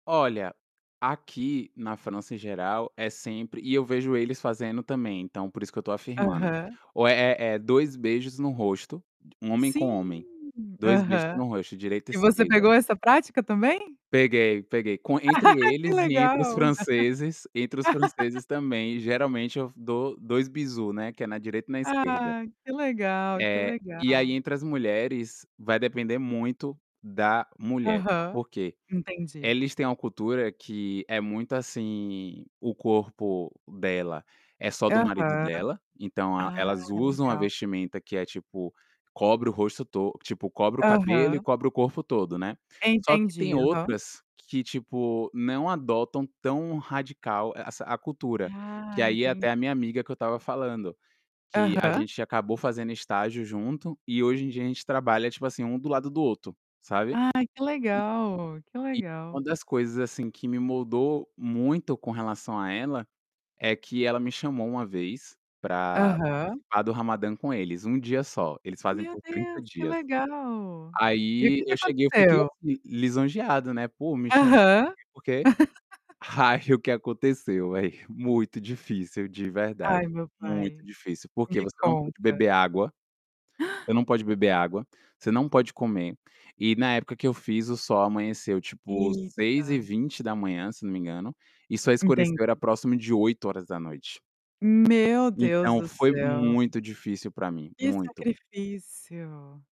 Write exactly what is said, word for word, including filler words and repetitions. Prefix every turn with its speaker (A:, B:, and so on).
A: Olha, aqui na França em geral é sempre e eu vejo eles fazendo também, então por isso que eu estou afirmando,
B: Aham.
A: ou é é dois beijos no rosto, homem com homem,
B: Sim,
A: dois beijos
B: aham.
A: no rosto direita e
B: E você
A: esquerda.
B: pegou essa prática também?
A: Peguei, peguei, com entre
B: Que
A: eles e entre os
B: legal!
A: franceses entre os franceses também, geralmente eu dou dois bisous, né, que é na direita e na esquerda.
B: Ah, que legal! Que
A: É, e aí
B: legal!
A: entre as mulheres vai depender muito da mulher.
B: Aham.
A: Por quê?
B: Entendi.
A: Eles têm uma cultura que é muito, assim, o corpo dela é só do marido
B: Aham.
A: dela, então a
B: Ah,
A: elas usam a
B: legal.
A: vestimenta que é tipo, cobre o rosto to tipo, cobre o cabelo e
B: Aham.
A: cobre o corpo todo, né. Só que tem
B: Entendi, aham.
A: outras que, tipo, não adotam tão radical essa a cultura, que
B: Ah,
A: aí é
B: entendi.
A: até a minha amiga que eu estava falando, que a
B: Aham.
A: gente acabou fazendo estágio junto e hoje em dia a gente trabalha tipo assim, um do lado do outro, sabe.
B: Ah, que
A: E
B: legal! Que
A: e uma
B: legal!
A: das coisas, assim, que me moldou muito com relação a ela, é que ela me chamou uma vez para
B: Aham.
A: participar do Ramadan com eles, um dia só, eles fazem
B: Meu
A: por trinta
B: Deus, que
A: dias.
B: legal! E o
A: Aí
B: que que
A: eu cheguei eu fiquei
B: aconteceu?
A: assim, lisonjeado né, pô me chamo,
B: Aham.
A: por quê Ai o que aconteceu, velho muito difícil de verdade,
B: Ai, meu
A: muito
B: pai!
A: difícil porque
B: Me
A: você não pode
B: conta.
A: beber água você não pode beber água, você não pode comer e na época que eu fiz, o sol amanheceu tipo, seis e
B: Eita!
A: vinte da manhã se eu não me engano, e só escureceu era
B: Entendi.
A: próximo de oito horas da noite.
B: Meu Deus
A: Então
B: do
A: foi
B: céu!
A: muito difícil para mim,
B: Que
A: muito.
B: sacrifício.